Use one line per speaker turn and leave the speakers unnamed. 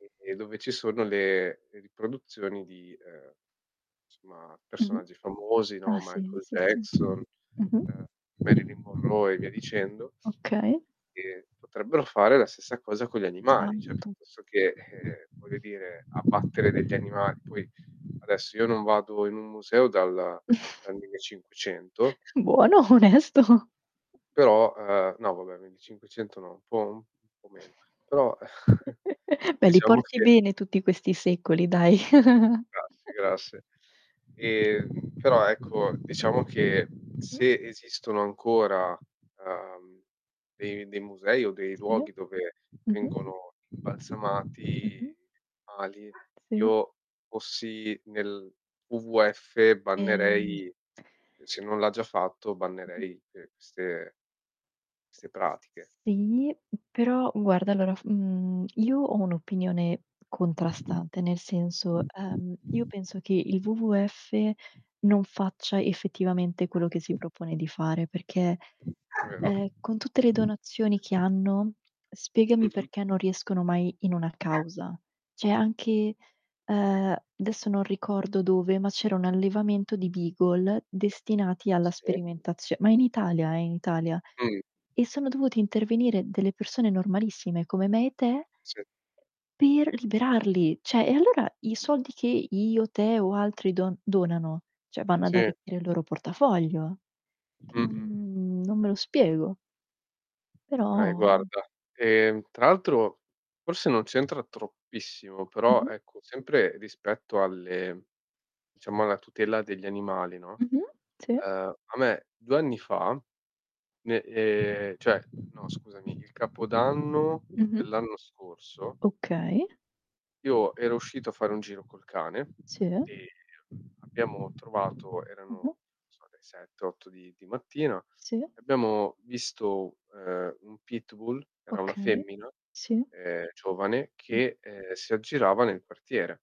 E e dove ci sono le riproduzioni di, ehm, somma
Mh-mh.
personaggi famosi, no,
Ah, sì,
Michael
sì, sì.
Jackson,
Mh-mh.
ehm, Marylin Monroe e via dicendo.
Okay.
E potrebbero fare la stessa cosa con gli animali, cioè
[unintelligible]
senso che, eh, voglio dire, abbattere degli animali, poi adesso io non vado in un museo dal dal 1500
Buono, onesto.
però, ehm, no vabbè 1500 no, un po' u un po' meno, però
Beh li
diciamo
porti
che
bene tutti questi secoli, dai.
Grazie, grazie. Ehm, però ecco, diciamo che
Mh-mh.
se esistono ancora, ehm, dei dei musei o dei
Sì.
luoghi dove
Mh-mh.
vengono imbalsamati
Mh-mh.
animali,
Sì.
Io fossi nel WWF
Ehm
bannerei, se non l'ha già fatto,
Mh-mh.
bannerei que queste 'ste pratiche.
Sì, però guarda allora, mhmm, io ho un'opinione contrastante, nel senso, ehm, io penso che il WWF non faccia effettivamente quello che si propone di fare, perché,
[unintelligible] È vero.
ehm, con tutte le donazioni che hanno, spiegami
Mh-mh.
perché non riescono mai in una causa. Cioè anche, ehm, adesso non ricordo dove, ma c'era un allevamento di Beagle destinati alla
Sì.
sperimentazio ma in Italia eh, in Italia.
Mh.
E sono dovuti intervenire delle persone normalissime come me e te
Sì.
per liberarli. Cioè, e allora i
Mh.
soldi che io, te o altri don donano, cioè vanno ad
Sì.
arricchire il loro portafoglio. Che
Mh-mh.
n non me lo spiego. Però
Okay, guarda, ehm, tra l'altro forse non c'entra troppissimo, però
Mh-mh.
ecco, sempre rispetto alle diciamo alla tutela degli animali, no.
Mh-mh. Sì.
Ehm, a me 2 anni fa, ne ehm, cioè, no scusami, il capodanno
Mh-mh.
dell'anno scorso
Okay.
io ero uscito a fare un giro col cane
Sì.
e abbiamo trovato erano,
Mh-mh.
non so, le 7-8 di di mattina,
Sì.
abbiamo visto, ehm, un pitbull, era una
Okay.
femmina,
Sì.
ehm, giovane
Mh-mh.
che, ehm, si aggirava nel quartiere.